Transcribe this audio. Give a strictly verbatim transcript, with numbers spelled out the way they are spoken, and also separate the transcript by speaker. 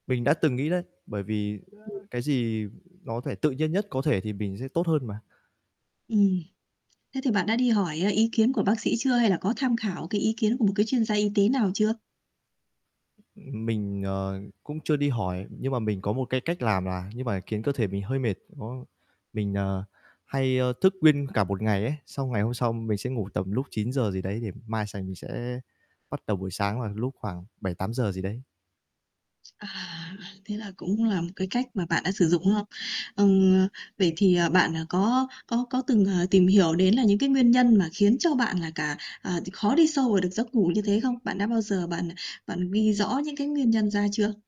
Speaker 1: Mình đã từng nghĩ đấy, bởi vì
Speaker 2: Ừm.
Speaker 1: cái gì nó thể tự nhiên nhất có thể thì mình sẽ tốt hơn mà.
Speaker 2: Ừm. Thế thì bạn đã đi hỏi, ờ, ý kiến của bác sĩ chưa hay là có tham khảo cái ý kiến của một cái chuyên gia y tế nào chưa?
Speaker 1: Ừm, mình, ờ, cũng chưa đi hỏi nhưng mà mình có một cái cách làm là nhưng mà khiến cơ thể mình hơi mệt, nó mình, ờ, hay, ờ, thức nguyên cả một ngày ấy, xong ngày hôm sau mình sẽ ngủ tầm lúc chín giờ gì đấy để mai sành mình sẽ bắt đầu buổi sáng vào lúc khoảng bảy tám giờ gì đấy.
Speaker 2: À, thế là cũng là một cái cách mà bạn đã sử dụng, đúng không? Ừm, vậy thì, ờ, bạn, à, có có có từng, ờ, tìm hiểu đến là những cái nguyên nhân mà khiến cho bạn là cả ờ, thì khó đi sâu vào được giấc ngủ như thế không? Bạn đã bao giờ bạn bạn ghi rõ những cái nguyên nhân ra chưa?